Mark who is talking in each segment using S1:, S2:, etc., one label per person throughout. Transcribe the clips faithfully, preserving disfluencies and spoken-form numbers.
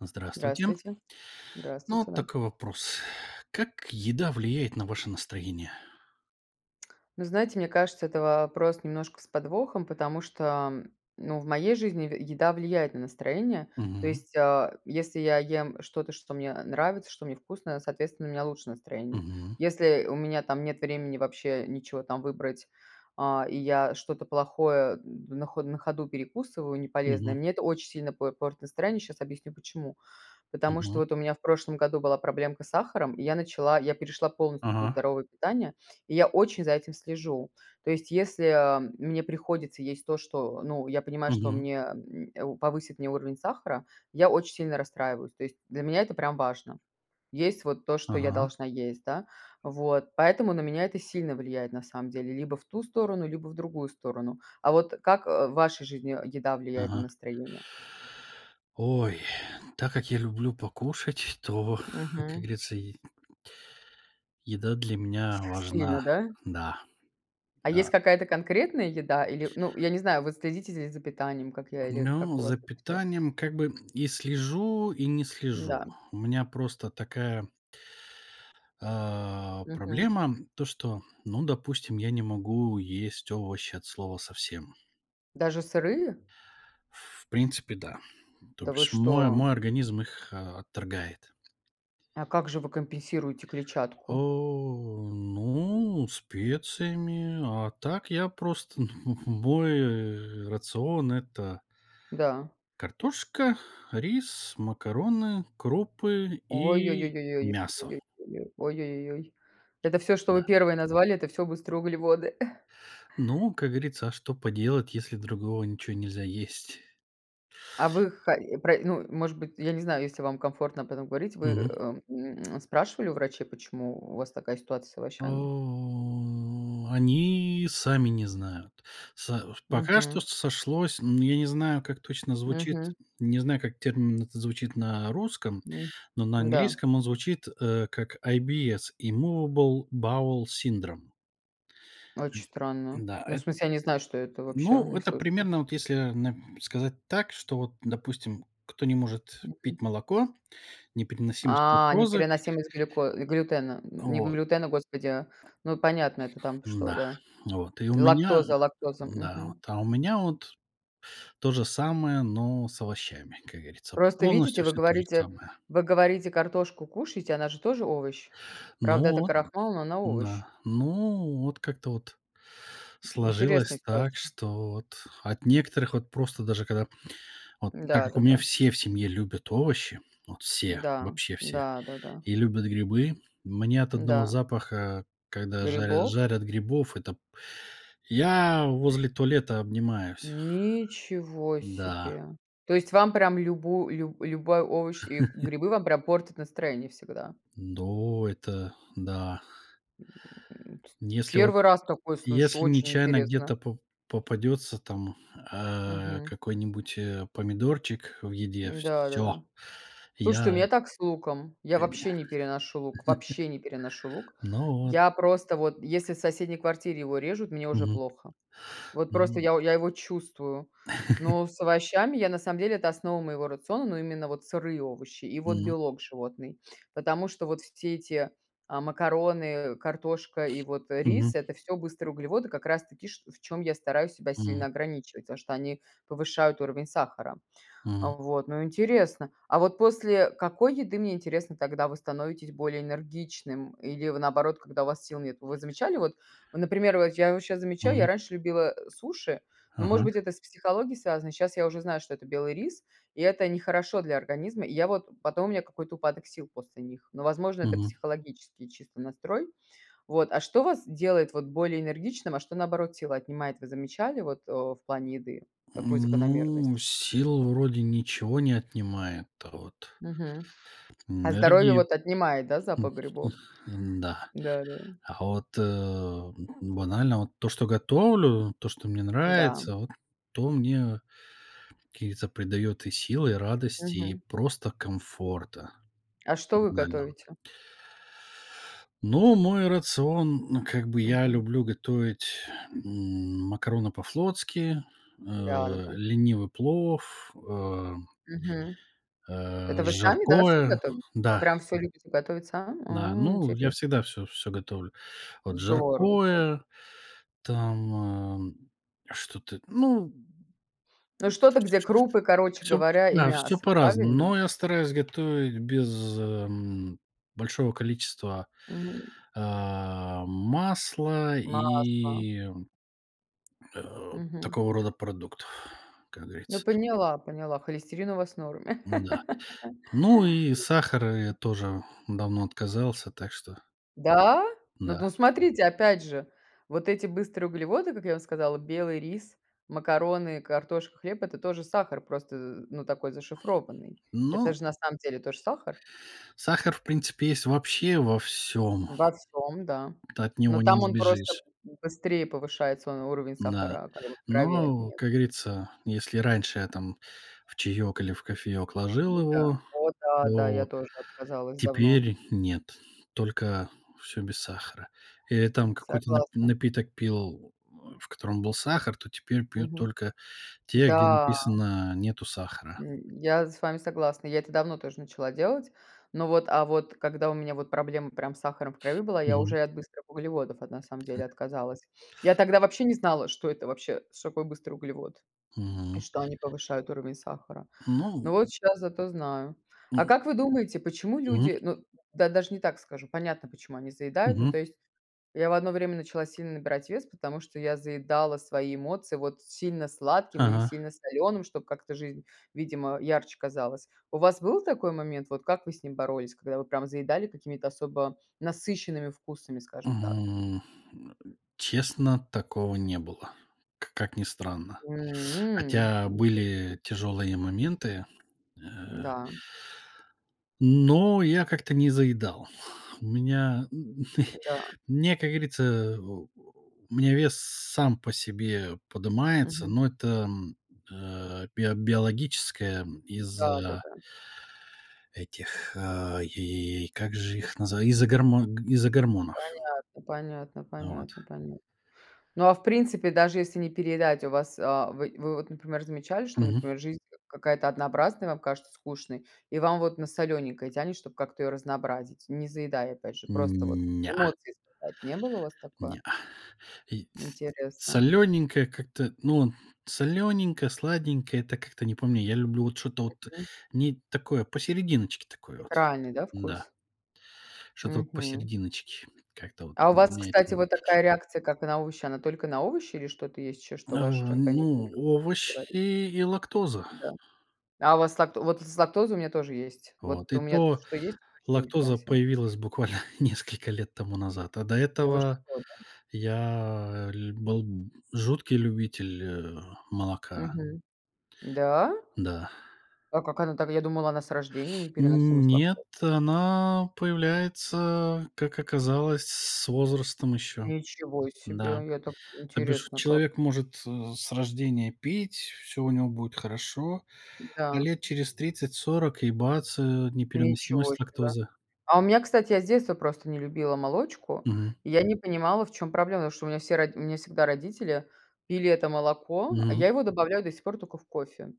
S1: Здравствуйте.
S2: Здравствуйте,
S1: Ну
S2: здравствуйте,
S1: вот
S2: да.
S1: такой вопрос: как еда влияет на ваше настроение?
S2: Ну знаете, мне кажется, это вопрос немножко с подвохом, потому что, м, ну в моей жизни е еда влияет на настроение. То
S1: Мгм.
S2: есть, а, если я ем что-то, что мне, э, нравится, что мне вкусно, соответственно, у меня лучше настроение.
S1: Мгм.
S2: Если у меня там нет времени вообще ничего там выбрать, э, и я что-то плохое на хо на ходу перекусываю, неполезное,
S1: Мгм.
S2: мне это оч сильно п портит настроение. Щас объясню, почему. Потому что
S1: Мгм.
S2: вот у меня в прошлом году была проблемка с сахаром и я начала я перешла полностью на
S1: Ага.
S2: здоровое питание, и я очень за этим слежу. То есть, если, а, мне приходится есть то, что ну, я понимаю, что
S1: Мгм.
S2: мне, м, э, повысит мне уровень сахара, я очень сильно расстраиваюсь. То есть, для меня это прям важно. Есть вот то, что я
S1: Ага.
S2: должна есть, да. Вот поэтому на меня это сильно влияет, на самом деле либо в ту сторону, либо в другую сторону. А вот как, э, в вашей жизни еда влияет на
S1: Ага.
S2: настроение?
S1: Ой, так как я люблю покушать, то, как
S2: Мгм.
S1: говорится, й еда для меня
S2: Сильно,
S1: важна.
S2: да?
S1: Да.
S2: А есть
S1: А.
S2: какая-то конкретная еда? Или, ну, я не знаю, вы следите з з за питанием, как я или
S1: Ну,
S2: как у вас
S1: за
S2: это всё?
S1: питанием как бы и слежу, и не слежу.
S2: Да.
S1: У меня просто такая а,
S2: Мгм.
S1: проблема то, что, ну, допустим, я не могу есть овощи от слова совсем.
S2: Даже сырые?
S1: В принципе, да. То
S2: Да вы
S1: бишь мо
S2: что?
S1: мой организм их отторгает.
S2: А как же вы компенсируете клетчатку?
S1: О, ну, специями. А так, я просто, ну, мой, э, рацион- это
S2: Да.
S1: картошка, рис, макароны, крупы и
S2: Ой-ой-ой-ой-ой.
S1: мясо.
S2: Ой-ой, ой-ой, ой-ой-ой-ой-ой. Это всё, что вы
S1: Да.
S2: первые назвали- это всё быстрые углеводы.
S1: Ну, как говорится, а что поделать, если другого ничего нельзя есть?
S2: А вы, хо про ну, может быть, я не знаю, если вам комфортно об этом говорить. Вы,
S1: Мгм.
S2: э, м, спрашивали у врачей, почему у вас такая ситуация с овощами?
S1: О, они сами не знают. Со пока что
S2: Мгм.
S1: сошлось. Но я не знаю, как точно звучит.
S2: Мгм.
S1: Не знаю, как термин этот звучит на русском,
S2: М,
S1: но на
S2: да.
S1: английском он звучит, э, как IBS immovable bowel syndrom.
S2: Очень
S1: М,
S2: странно.
S1: да,
S2: Ну, в
S1: эт
S2: смысле, я не знаю, что это, вообще
S1: Ну,
S2: не
S1: это
S2: слышала.
S1: примерно, вот, если, э, на сказать так, что вот, допустим, кто не может
S2: Мгм.
S1: пить молоко, непереносимость
S2: А,
S1: лактозы.
S2: непереносимость глюко глютена,
S1: Э,
S2: не
S1: вот.
S2: глютена, господи. Ну, понятно, это там что,
S1: Н-да,
S2: да?
S1: вот, и у меня,
S2: Лактоза лактоза,
S1: да, вот,
S2: мгм.
S1: а у меня вот то же самое, но с овощами, как говорится,
S2: Просто видите,
S1: полностью
S2: вы
S1: всё то же
S2: говорите
S1: самое.
S2: вы говорите, картошку кушаете, она же тоже овощ.
S1: Ну
S2: Правда, это
S1: вот,
S2: крахмал, но она овощ.
S1: да. Ну, вот как-то вот
S2: М, интересная
S1: сложилось так,
S2: ситуация.
S1: что вот от некоторых вот просто даже когда вот так
S2: Да,
S1: как у
S2: да,
S1: меня
S2: да.
S1: все в семье любят овощи, вот все,
S2: Да.
S1: вообще все,
S2: Да, да, да.
S1: и любят грибы. Мне от одного
S2: Да.
S1: запаха, когда жаря
S2: Грибов?
S1: жарят грибов, это я возле туалета обнимаюсь.
S2: Ничего
S1: Да.
S2: себе. То есть вам прям любу лю любой овощ и грибы вам прям портят настроение всегда?
S1: Ну, это да.
S2: Ст
S1: Если вот,
S2: первый раз такое слышу,
S1: если
S2: очень
S1: нечаянно
S2: интересно.
S1: где-то по попадётся там, э,
S2: Мгм.
S1: какой-нибудь, э, помидорчик в еде,
S2: Да, да,
S1: всё.
S2: да. Слушайте, у
S1: Я
S2: меня так с луком.
S1: Э, й
S2: Я вообще не переношу лук, вообще не переношу лук.
S1: Ну, вот.
S2: Я просто вот, если в соседней квартире его режут, мне уже
S1: Мгм.
S2: плохо. Вот просто
S1: М.
S2: я я его чувствую. Но с овощами я, на самом деле- это основа моего рациона, но именно вот сырые овощи и вот
S1: Мгм.
S2: белок животный. Потому что вот все эти, а, макароны, картошка и вот, э, рис-
S1: Мгм.
S2: это всё быстрые углеводы, как раз таки ш в чём я стараюсь себя сильно
S1: Мгм.
S2: ограничивать. Потому что они повышают уровень сахара.
S1: Мгм.
S2: Вот, ну интересно. А вот после какой еды, мне интересно, тогда вы становитесь более энергичным или, вы наоборот, когда у вас сил нету? Вы замечали вот? Ну, например, вот я вот щас замечаю, я
S1: Мгм.
S2: раньше любила суши, но, может быть,
S1: Ага.
S2: это с психологией связано. Щас я уже знаю, что это белый рис, и это нехорошо для организма. И я вот потом у меня какой-то упадок сил после них, но, возможно, это
S1: Мгм.
S2: психологический чисто настрой. Вот, а что вас делает вот более энергичным, а что, наоборот, силы отнимает, вы замечали вот, э, в плане еды, какую
S1: М,
S2: закономерность?
S1: ну, сил вроде ничего не отнимает, а вот
S2: Мгм. А здоровье
S1: Энергии
S2: вот отнимает, да,
S1: м,
S2: запах
S1: м,
S2: грибов?
S1: н-да.
S2: Да да.
S1: А вот, э, м, банально вот то, что готовлю, то, что мне
S2: Да.
S1: нравится, вот то мне каких-то придаёт и сил, и радости, и
S2: Мгм.
S1: просто комфорта.
S2: А что вы
S1: Банально.
S2: готовите?
S1: Ну, мой рацион, ну, как бы, я
S2: Мгм.
S1: люблю готовить, м, макароны по-флотски, э,
S2: Да, да, да.
S1: ленивый плов, ам
S2: Мгм.
S1: э,
S2: Это вы сами, да, всё
S1: жаркое.
S2: готовите? Вы
S1: Да.
S2: прям всё любите готовить сами?
S1: Да,
S2: О,
S1: ну, я
S2: интересно.
S1: всегда всё всё готовлю. Вот,
S2: Здорово, да.
S1: жаркое, там, э, что-то, ну
S2: Ну, что-то, где
S1: [unintelligible]
S2: крупы, короче
S1: всё,
S2: говоря, и
S1: да, всё
S2: мясо,
S1: по-разному.
S2: правильно?
S1: Но я стараюсь готовить без, эм, большого количества,
S2: Мгм.
S1: а, масла
S2: Масло.
S1: и, м, э,
S2: Мгм.
S1: такого рода продуктов, как
S2: Ну,
S1: говорится.
S2: поняла поняла, холестерин у вас в норме.
S1: М-да, ну и сахара я тоже давно отказался. Так что
S2: Да? Ну, д
S1: да.
S2: ну смотрите, опять же, вот эти быстрые углеводы, как я вам сказала: белый рис, макароны, картошка, хлеб- это тоже сахар, просто, э, ну, такой зашифрованный. Это
S1: Ну
S2: же на самом деле тоже сахар.
S1: сахар, в принципе, есть вообще во всём.
S2: Во всём, да.
S1: Ты от него
S2: Но
S1: не
S2: там он просто
S1: избежишь.
S2: б быстрее повышает свой уровень
S1: Да,
S2: сахара, как бы в крови.
S1: но,
S2: [unintelligible]
S1: как говорится, если раньше я там в чаек или в кофеек ложил
S2: М-да.
S1: его,
S2: О да, да, я
S1: то
S2: тоже отказалась давно.
S1: теперь нет, только всё без сахара. Э, я там какой-то нап
S2: Согласна.
S1: напиток пил, в котором был сахар, то теперь пью
S2: Мгм.
S1: только те, где
S2: Да.
S1: написано: "Нету сахара".
S2: М, я с вами согласна. Я это давно тоже начала делать. Но вот, а вот когда у меня вот проблема прям с сахаром в крови была, я уже
S1: Мгм.
S2: и от быстрых углеводов, вот, на
S1: [unintelligible] .
S2: самом деле, отказалась. Я тогда вообще не знала, что это вообще, что такое быстрый углевод и
S1: Мгм.
S2: что они повышают уровень сахара. Но
S1: Ну
S2: вот щас зато знаю. А
S1: ну
S2: как вы думаете, почему
S1: мгм.
S2: люди, ну да, даже не так скажу: понятно, почему они заедают. Ну, то
S1: Мгм.
S2: есть я в одно время начала сильно набирать вес, потому что я заедала свои эмоции, вот, сильно сладким или
S1: Ага.
S2: сильно солёным, чтоб как-то жизнь, видимо, ярче казалась. У вас был такой момент? Вот, как вы с ним боролись, когда вы прям заедали какими-то особо насыщенными вкусами, скажем так?
S1: М, э, честно, такого не было, к как ни странно.
S2: М,
S1: Хотя
S2: интересно.
S1: были тяжелые моменты, э.
S2: Да.
S1: Но я как-то не заедал. У меня, м,
S2: Та,
S1: м,
S2: да.
S1: мне, как говорится, э, у меня вес сам по себе подымается,
S2: Мгм.
S1: но это, м, э, био биологическая
S2: Да да
S1: из-за
S2: да.
S1: этих, а, и как же их назва из-за гормон г из-за гормонов.
S2: Понятно понятно
S1: Вот.
S2: понятно понятно. Ну, а в принципе, даже если не переедать, у вас, а вы вы вот, например, замечали, что,
S1: Мгм.
S2: например, жизнь к какая-то однообразная, вам кажется скучной и вам вот на солёненькое тянет, чтоб как-то её разнообразить? Не заедая, опять же, просто вот
S1: М, неа.
S2: эмоции, сказать, не было у вас такое?
S1: Неа. И тс
S2: Интересно.
S1: солёненькое как-то, ну, солёненькое, сладенькое- это как-то не по мне. Я люблю вот что-то вот
S2: Мгм.
S1: не такое посерединочке такое вот,
S2: Неправильный, да,
S1: н-да.
S2: вкус?
S1: Что-то вот
S2: Мгм.
S1: посерединочке, как-то вот
S2: А у вас,
S1: меня это
S2: кстати, вот такая реакция, как на овощи. Она только на овощи или что-то есть ещё,
S1: Э,
S2: что ваш организм
S1: ну,
S2: никак не переварит?
S1: овощи и и лактоза.
S2: Да. А у вас лакто вот из-за лактозы у меня тоже есть.
S1: Вот,
S2: Вот
S1: и
S2: у меня то,
S1: то
S2: что есть точно,
S1: лактоза
S2: непереносимо
S1: появилась буквально несколько лет тому назад, а до
S2: Да, вы
S1: этого
S2: что, да?
S1: я ль был жуткий любитель, э, молока.
S2: Мгм. Да?
S1: Да.
S2: А как она так? Я думала, она с рождения непереносимость
S1: Нет,
S2: лактозы.
S1: она появляется, как оказалось, с возрастом ещё.
S2: Ничего
S1: Да.
S2: себе. Я так
S1: То бишь
S2: интересно как.
S1: человек может, э, с рождения пить, всё у него будет хорошо. А
S2: Да.
S1: лет через тридцать сорок и бац, э,
S2: Ничего
S1: непереносимость
S2: себе.
S1: лактозы.
S2: А у меня, кстати, я с детства просто не любила молочку.
S1: Мгм.
S2: И я не понимала, в чём проблема, потому что у меня все роди у меня всегда родители пили это молоко, а
S1: Мгм.
S2: я его добавляю до сих пор тока в кофе.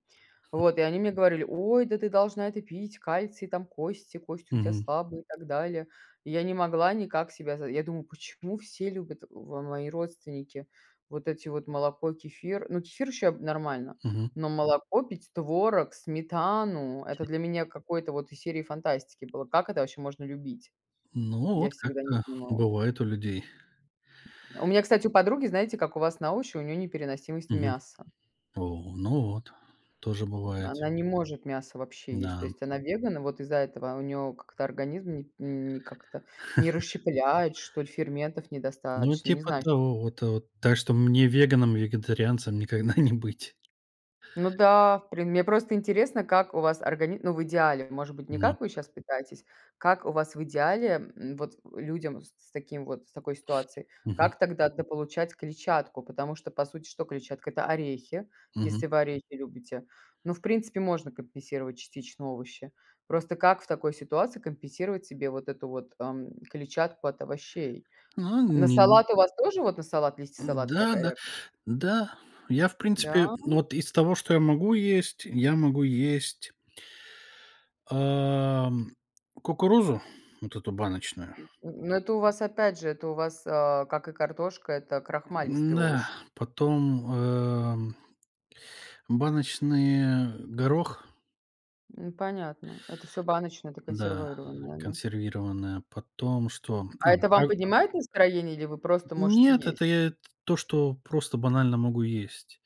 S2: Вот и они мне говорили: "Ой, да ты должна это пить, кальций, там кости кости у тя
S1: Мгм.
S2: слабые и так далее". И я не могла никак себя за я думаю: "Почему все любят в мои родственники вот эти вот молоко, кефир?" Ну, кефир ещё нормально,
S1: Мгм.
S2: но молоко пить, творог, сметану- это для меня какой-то вот из серии фантастики было. Как это вообще можно любить?
S1: Ну,
S2: Я
S1: вот
S2: всегда не
S1: как-то
S2: понимала.
S1: бывает у людей.
S2: У меня, кстати, у подруги, знаете, как у вас на овощи, у неё непереносимость
S1: Мгм.
S2: мяса.
S1: О, ну вот, тоже бывает.
S2: Она не может мясо вообще есть, то
S1: Да.
S2: есть она веган, и вот из-за этого у неё как-то организм не не как-то не расщепляет, что ли, ферментов
S1: Ну,
S2: недостаточно, не
S1: типа
S2: знаю что.
S1: того. Вот вот, так что мне веганом, вегетарианцем никогда не быть.
S2: Ну да, в при мне просто интересно, как у вас органи ну, в идеале, может быть, не
S1: Ну.
S2: как вы щас пытаетесь. Как у вас в идеале, м, вот людям с с таким вот, с такой ситуацией,
S1: Мгм.
S2: как тогда дополучать клетчатку? Потому что, по сути, что клетчатка? Это орехи, если
S1: Мгм.
S2: вы орехи любите. Ну, в принципе, можно компенсировать частично овощи. Просто как в такой ситуации компенсировать себе вот эту вот, эм, клетчатку от овощей?
S1: Ну, э,
S2: На
S1: ни н
S2: салат у вас тоже, вот, на салат листья салата
S1: н-да,
S2: такая
S1: да.
S2: реакция?
S1: Да. Я, в
S2: Да?
S1: принципе, вот из того, что я могу есть, я могу есть ам, кукурузу, вот эту баночную.
S2: Н ну, это у вас, опять же, это у вас а, как и картошка, это крахмалистый
S1: М-да.
S2: овощ.
S1: Потом, эм, баночный, э, горох.
S2: М, понятно, это всё баночное, это
S1: Да,
S2: консервированное оно.
S1: консервированная. Потом что? А,.
S2: А это вам
S1: [unintelligible]
S2: поднимает настроение или вы просто можете
S1: Нет,
S2: есть?
S1: это я т то, что просто банально могу есть.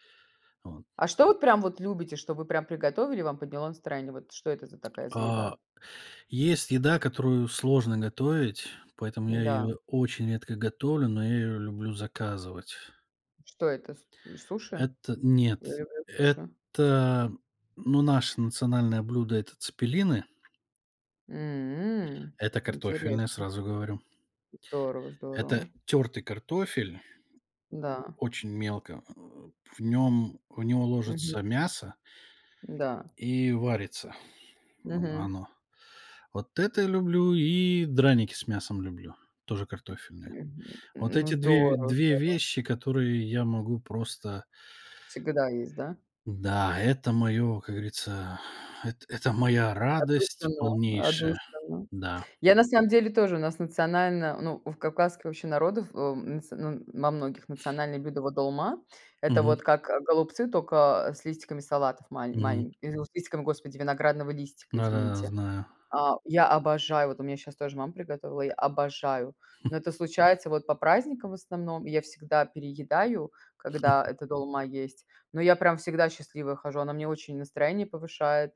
S1: Вот.
S2: А что вы прям вот любите, что вы прям приготовили и вам подняло настроение? Вот что это за такая за
S1: А,
S2: еда?
S1: есть еда, которую сложно готовить, поэтому я
S2: М-да.
S1: её очень редко готовлю, но я её люблю заказывать.
S2: Что это, с суши?
S1: Это
S2: Я
S1: нет,
S2: люблю суши.
S1: это, ну, наше национальное блюдо- это цеппелины.
S2: М,
S1: Это картофельное,
S2: интересно.
S1: сразу говорю.
S2: Здорово
S1: Это
S2: здорово.
S1: тёртый картофель.
S2: Да.
S1: Очень мелко. Э, в нём в него
S2: Мгм.
S1: ложится мясо.
S2: Да.
S1: И варится
S2: Мгм.
S1: оно. Вот это я люблю, и драники с мясом люблю, тоже картофельные. Вот
S2: Ну,
S1: эти две,
S2: здорово
S1: две
S2: здорово.
S1: вещи, которые я могу просто
S2: Всегда есть, да?
S1: Да, это моё, как говорится, эт это моя радость
S2: Отдушина
S1: полнейшая.
S2: отдушина.
S1: Да.
S2: Я на самом деле тоже, у нас национально, ну, у кавказских вообще народов, э, м, нац ну, во многих, национальное блюдо- вот долма. Это
S1: Мгм.
S2: вот как, э, голубцы, только с листиками салатов мал
S1: Мгм.
S2: маленьк [unintelligible] с листиком, господи, виноградного листика,
S1: Да-да-да,
S2: извините.
S1: знаю.
S2: А, я обожаю, вот у меня щас тоже мама приготовила, я обожаю, но это случается вот по праздникам в основном. И я всегда переедаю, когда эта долма есть, но я прям всегда счастливая хожу, она мне очень настроение повышает.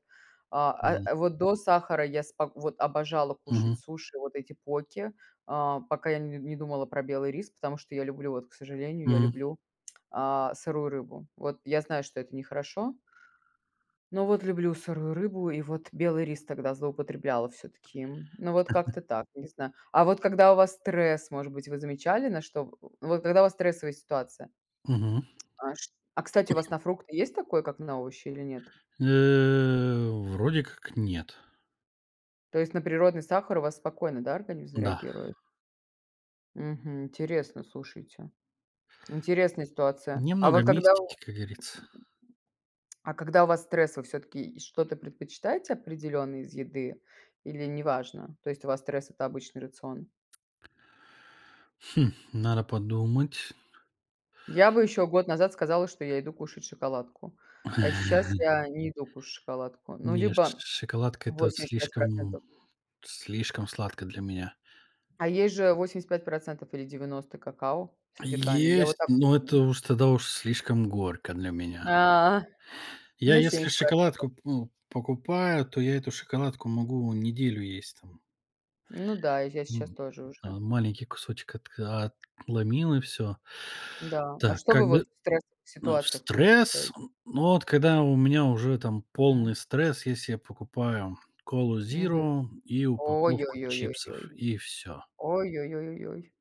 S2: А,
S1: М.
S2: э, вот до сахара я спок вот, обожала кушать
S1: Мгм.
S2: суши, вот эти поки, а, пока я не не думала про белый рис, потому что я люблю, вот, к сожалению, я
S1: М.
S2: люблю, а, сырую рыбу. Вот я знаю, что это нехорошо. Но вот люблю сырую рыбу, и вот белый рис тогда злоупотребляла всё-таки. Ну, вот как-то так, не знаю. А вот когда у вас стресс, может быть, вы замечали, на что в в вот когда у вас стрессовая ситуация?
S1: Мгм.
S2: А ш а кстати, у вас на фрукты есть такое, как на овощи, или нет?
S1: Э, вроде как нет.
S2: То есть на природный сахар у вас спокойно, да, организм
S1: Да.
S2: реагирует? Мгм, интересно, слушайте. Интересная ситуация. А
S1: Немного
S2: вот когда
S1: мистики,
S2: у
S1: как говорится.
S2: А когда у вас стресс, вы всё-таки что-то предпочитаете определённое из еды или неважно? То есть, у вас стресс- это обычный рацион?
S1: Хм, надо подумать.
S2: Я бы ещё год назад сказала, что я иду кушать шоколадку, а сейчас я не иду кушать шоколадку. Ну,
S1: Нет, ш
S2: либо
S1: шоколадка- это вот
S2: восемьдесят пять
S1: слишком,
S2: процентов.
S1: слишком сладко для меня.
S2: А есть же восемьдесят пять процентов или девяносто какао содержанием, я вот
S1: Есть,
S2: так
S1: но это
S2: люблю.
S1: уж, тогда уж, слишком горько для меня.
S2: А,
S1: Я
S2: ну,
S1: если
S2: семьдесят
S1: шоколадку,
S2: процентов.
S1: п ну, покупаю, то я эту шоколадку могу неделю есть там.
S2: Ну да, я щ щас
S1: М.
S2: тоже уже.
S1: Э, маленький кусочек отка отломил и всё.
S2: Да, а
S1: Так,
S2: что вы вот
S1: когд
S2: в стрессовых
S1: ну, в
S2: ситуациях
S1: стресс,
S2: предпочитаете?
S1: н но вот когда у меня уже там
S2: М.
S1: полный стресс, если я покупаю "Колу"
S2: Мгм.
S1: зиро, и упаковку
S2: Ой-ой-ой,
S1: чипсов,
S2: ой-ой.
S1: и всё.
S2: Ой-ой-ой, ой-ой.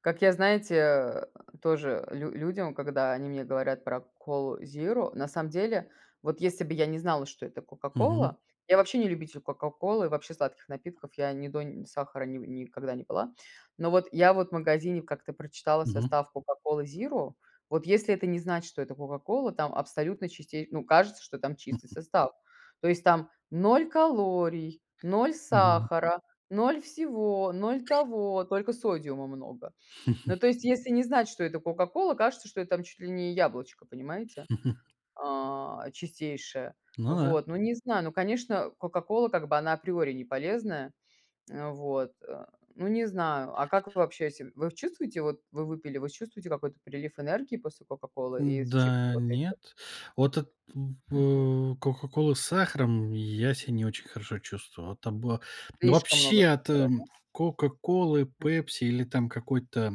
S2: Как я, знаете, э, тоже лю людям, когда они мне говорят про "Колу" зиро, на самом деле, вот если бы я не знала, что это
S1: Мгм.
S2: "Кока-Кола" я вообще не любитель "Кока-Колы", вообще сладких напитков, я ни до ни сахара, ни никогда не пила. Ну, вот, я вот, в магазине как-то прочитала
S1: Мгм.
S2: состав "Кока-Колы" зиро, вот если это не знать, что это "Кока-Кола", там абсолютно чисте ну, кажется что там чистый состав, то есть там ноль калорий, ноль
S1: Мгм.
S2: сахара, ноль всего, ноль того, только содиума много. Ну, то есть, если не знать, что это "Кока-Кола", кажется, что это там чуть ли не яблочко, понимаете, а, чистейшее.
S1: Ну да.
S2: Вот, ну, не знаю. Ну, конечно, "Кока-Кола", как бы, она априори неполезная. Э, вот, э, ну, не знаю. А как вы вообще се Вы чувствуете, вот, вы выпили, вы чувствуете какой-то прилив энергии после "Кока-Колы" и из чипсов
S1: Да,
S2: вот этих?
S1: нет. Вот эт
S2: Мгм.
S1: б "Кока-Кола" с сахаром я ся не очень хорошо чувствовал. Там было Ну,
S2: Слишком много
S1: вообще, от
S2: сахара, да?
S1: "Кока-Колы",
S2: М.
S1: "Пепси" или там какой-то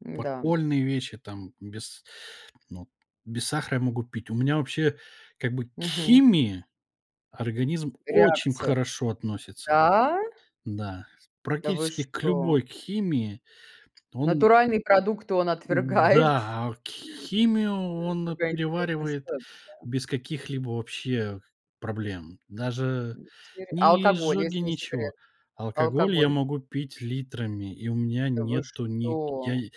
S2: М-да.
S1: подпольные вещи там без ну, без сахара я могу пить. У меня вообще, как бы, к
S2: Мгм.
S1: химии организм очень
S2: Реакция.
S1: хорошо относится
S2: Да?
S1: Да.
S2: Да вы
S1: Практически к
S2: что?
S1: любой химии он
S2: Натуральные продукты он отвергает?
S1: Да, а кх химию он
S2: Какая интересная
S1: переваривает
S2: ситуация.
S1: без каких-либо вообще проблем. Даже
S2: Интере а
S1: ни
S2: алкоголь,
S1: изжоги,
S2: если не секрет?
S1: ничего.
S2: А
S1: Алкоголь я
S2: алкоголь?
S1: могу пить литрами, и у меня
S2: Да вы
S1: нету ни, я
S2: что?
S1: и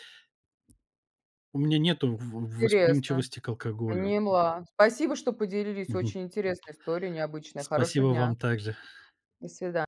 S1: У меня нету в
S2: Интересно!
S1: восприимчивости к алкоголю.
S2: Поняла, спасибо, что поделились!
S1: Мгм.
S2: Очень интересная история, необычная. Хорошего
S1: Спасибо,
S2: дня!
S1: вам так же.
S2: До свидания!